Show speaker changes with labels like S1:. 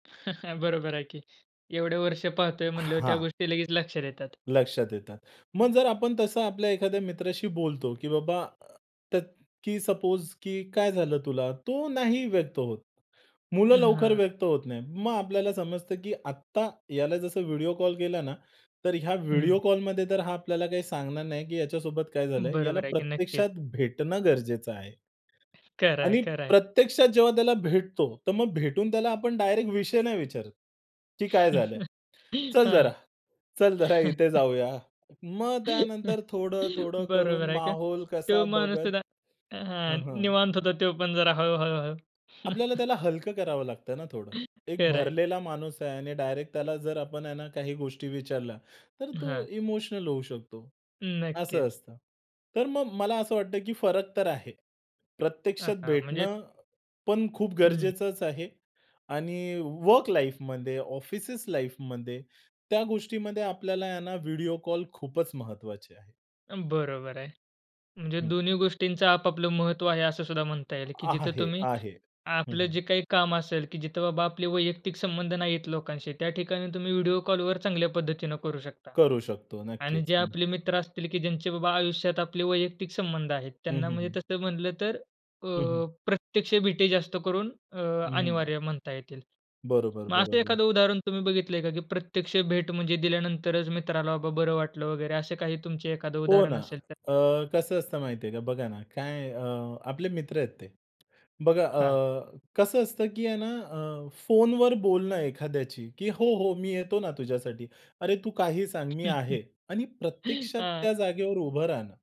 S1: बरोबर आहे की. एवढे वर्ष पाहतोय म्हणल्यावर त्या
S2: हां.
S1: गोष्टी लगेच लक्षात येतात.
S2: लक्षात येतं. मग जर आपण तसं आपल्या एखाद्या मित्राशी बोलतो की बाबा अ, की तर की सपोज की काय झालं तुला? तो नाही व्यक्त होत. मुलं
S1: हं,
S2: लवकर
S1: हां.
S2: व्यक्त होत नाहीत. मग आपल्याला समजतं की आत्ता याला जसं व्हिडिओ कॉल केला ना, तर ह्या व्हिडिओ
S1: हं.
S2: कॉलमध्ये तर हा आपल्याला काही सांगणार नाही की याच्यासोबत काय झालंय. याला
S1: बरोबर आहे की. नक्कीच.
S2: प्रत्यक्षात भेटणं गरजेचं आहे.
S1: खरं आहे.
S2: आणि
S1: खरं आहे.
S2: प्रत्यक्षात जेव्हा त्याला भेटतो, तर मग भेटून त्याला आपण डायरेक्ट विषय नाही विचारत. की काय झालं? चल जरा,
S1: हां.
S2: चल जरा, इथे जाऊया. मग त्यानंतर थोडं-थोडं करून
S1: बरोबर आहे का?
S2: माहोल कसा
S1: तो माणूस
S2: बघत
S1: सुद्धा हां,
S2: हं, हं.
S1: निवांत होतो तो पण जरा हळू-हळू-हळू.
S2: आपल्याला त्याला हलकं करावं लागतं ना थोडं. एक
S1: खरं आहे.
S2: भरलेला माणूस आहे आणि डायरेक्ट त्याला जर आपण आहे ना काही गोष्टी विचारल्या. तर तो
S1: हां.
S2: इमोशनल होऊ शकतो. असं
S1: नक्कीच.
S2: असतं. तर मग मला असं वाटतं, की फरक तर आहे.
S1: हां,
S2: प्रत्यक्षात
S1: हां. म्हणजे
S2: भेटणं पण खूप
S1: हं.
S2: गरजेचच आहे आणि वर्क लाईफमध्ये ऑफिसेस लाईफमध्ये त्या गोष्टीमध्ये आपल्याला आहे ना व्हिडिओ कॉल खूपच महत्वाचे आहे.
S1: अ, बरोबर आहे. म्हणजे
S2: हं.
S1: दोन्ही गोष्टींचं आप-आपलं महत्त्व आहे, असं सुद्धा म्हणता येईल की
S2: आहा
S1: जिथं
S2: हे
S1: तुम्ही
S2: आहे. हं,
S1: आपलं
S2: हं.
S1: जे काही काम असेल, की जिथं बाबा आपले वैयक्तिक संबंध नाहीयेत लोकांशी. त्या ठिकाणी तुम्ही व्हिडिओ कॉलवर चांगल्या पद्धतीने करू शकता
S2: करू शकतो
S1: आणि
S2: नक्कीच.
S1: जे
S2: हं.
S1: आपले मित्र असतील की ज्यांचे बाबा आयुष्यात आपले वैयक्तिक संबंध आहेत
S2: हं,
S1: त्यांना
S2: हं,
S1: म्हणजे
S2: हं.
S1: तसं म्हटलं तर अ,
S2: हं, हं.
S1: प्रत्यक्ष भेटी जास्त करून अ,
S2: हं, हं.
S1: अनिवार्य म्हणता येतील.
S2: बरोबर,
S1: मग असं
S2: बरोबर.
S1: एखादं उदाहरण तुम्ही बघितलंय का, की प्रत्यक्ष भेट म्हणजे दिल्यानंतरच मित्राला बाबा बरं वाटलं वगैरे असं काही तुमचं एखादं
S2: हो ना.
S1: उदाहरण असेल तर?
S2: अ, कसं असतं माहिती आहे का? बघा ना काय अ, आपले मित्र आहेत ते. बघा
S1: हां.
S2: अ, कसं असतं की आहे ना अ, फोनवर बोलणं एखाद्याची की हो, हो, मी येतो ना तुझ्यासाठी. अरे! तू काही सांग. मी आहे आणि प्रत्यक्षात
S1: हां.
S2: त्या जागेवर उभं राहणं